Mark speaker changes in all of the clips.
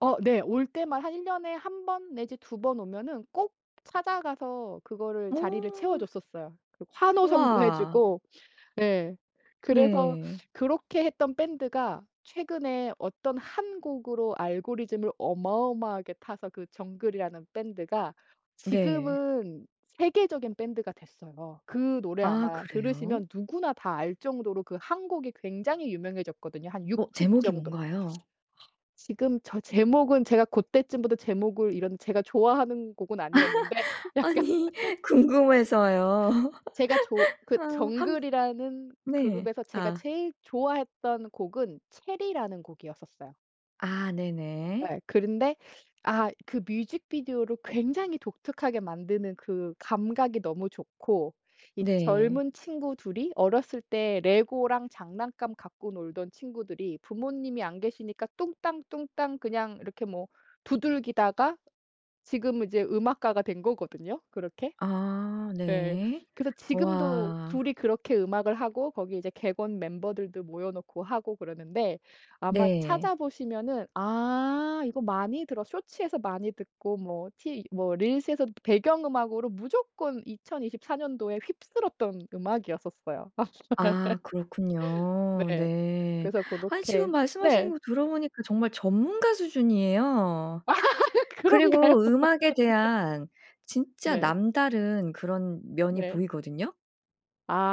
Speaker 1: 어 네. 올 때만 한 1 년에 1 번 내지 2 번 오면은 꼭 찾아가서 그거를 자리를 채워
Speaker 2: 어.
Speaker 1: 줬었어요. 그 환호성도
Speaker 2: 우와.
Speaker 1: 해주고. 네. 그래서
Speaker 2: 네.
Speaker 1: 그렇게 했던 밴드가 최근에 어떤 1 곡으로 알고리즘을 어마어마하게 타서 그 정글이라는 밴드가
Speaker 2: 네.
Speaker 1: 지금은 세계적인 밴드가 됐어요. 그 노래
Speaker 2: 아
Speaker 1: 아마
Speaker 2: 그래요?
Speaker 1: 들으시면 누구나 다 알 정도로 그 1 곡이 굉장히 유명해졌거든요. 한 6
Speaker 2: 어.
Speaker 1: 집
Speaker 2: 제목이
Speaker 1: 정도
Speaker 2: 뭔가요?
Speaker 1: 지금 저 제목은 제가 그때쯤부터 제목을 이런 제가 좋아하는 곡은 아니었는데 약간
Speaker 2: 아니. 궁금해서요.
Speaker 1: 제가 조 그
Speaker 2: 아. 한
Speaker 1: 정글이라는
Speaker 2: 네.
Speaker 1: 그룹에서 제가
Speaker 2: 아.
Speaker 1: 제일 좋아했던 곡은 체리라는 곡이었었어요.
Speaker 2: 아 네네.
Speaker 1: 예. 그런데 아 그 뮤직비디오를 굉장히 독특하게 만드는 그 감각이 너무 좋고. 이
Speaker 2: 네.
Speaker 1: 젊은 친구 2 이 어렸을 때 레고랑 장난감 갖고 놀던 친구들이 부모님이 안 계시니까 뚱땅 뚱땅 그냥 이렇게 뭐 두들기다가 지금은 이제 음악가가 된 거거든요, 그렇게.
Speaker 2: 아
Speaker 1: 네.
Speaker 2: 네.
Speaker 1: 그래서 지금도
Speaker 2: 우와.
Speaker 1: 2 이 그렇게 음악을 하고 거기 이제 객원 멤버들도 모여놓고 하고 그러는데 아마 찾아
Speaker 2: 네.
Speaker 1: 보시면은 '아 이거 많이 들어' 쇼츠에서 많이 듣고 뭐 티 뭐 릴스에서 배경음악으로 무조건 2024 년도에 휩쓸었던 음악이었었어요.
Speaker 2: 아 그렇군요.
Speaker 1: 네.
Speaker 2: 네.
Speaker 1: 그래서
Speaker 2: 아니 지금
Speaker 1: 고렇게
Speaker 2: 말씀하시는
Speaker 1: 네.
Speaker 2: 거 들어보니까 정말 전문가 수준이에요.
Speaker 1: 그런가요?
Speaker 2: 그리고 음악에
Speaker 1: 네.
Speaker 2: 대한 진짜
Speaker 1: 네.
Speaker 2: 남다른 그런 면이
Speaker 1: 네.
Speaker 2: 보이거든요.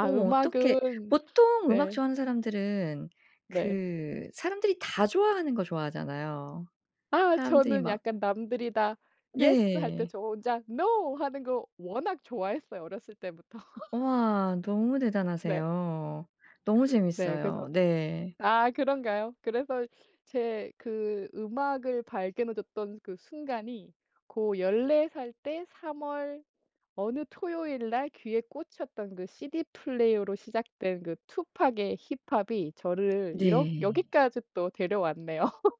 Speaker 2: 어 어떻게
Speaker 1: 음악은
Speaker 2: 보통 음악
Speaker 1: 네.
Speaker 2: 좋아하는 사람들은
Speaker 1: 네.
Speaker 2: 그 사람들이 다 좋아하는 거 좋아하잖아요.
Speaker 1: 아
Speaker 2: 사람들이
Speaker 1: 저는
Speaker 2: 막
Speaker 1: 약간 남들이 다 "예스!" 할 때
Speaker 2: 네.
Speaker 1: 저 혼자 "노!" 하는 거 워낙 좋아했어요. 어렸을 때부터.
Speaker 2: 우와, 너무
Speaker 1: 네.
Speaker 2: 대단하세요. 너무
Speaker 1: 네, 그래서
Speaker 2: 재밌어요. 네.
Speaker 1: 아 그런가요? 그래서 제 그 음악을 발견해 줬던 그 순간이 고 14 살 때 3 월 어느 토요일날 귀에 꽂혔던 그 시디플레이어로 시작된 그 투팍의 힙합이 저를 이렇
Speaker 2: 네.
Speaker 1: 여기까지 또 데려왔네요.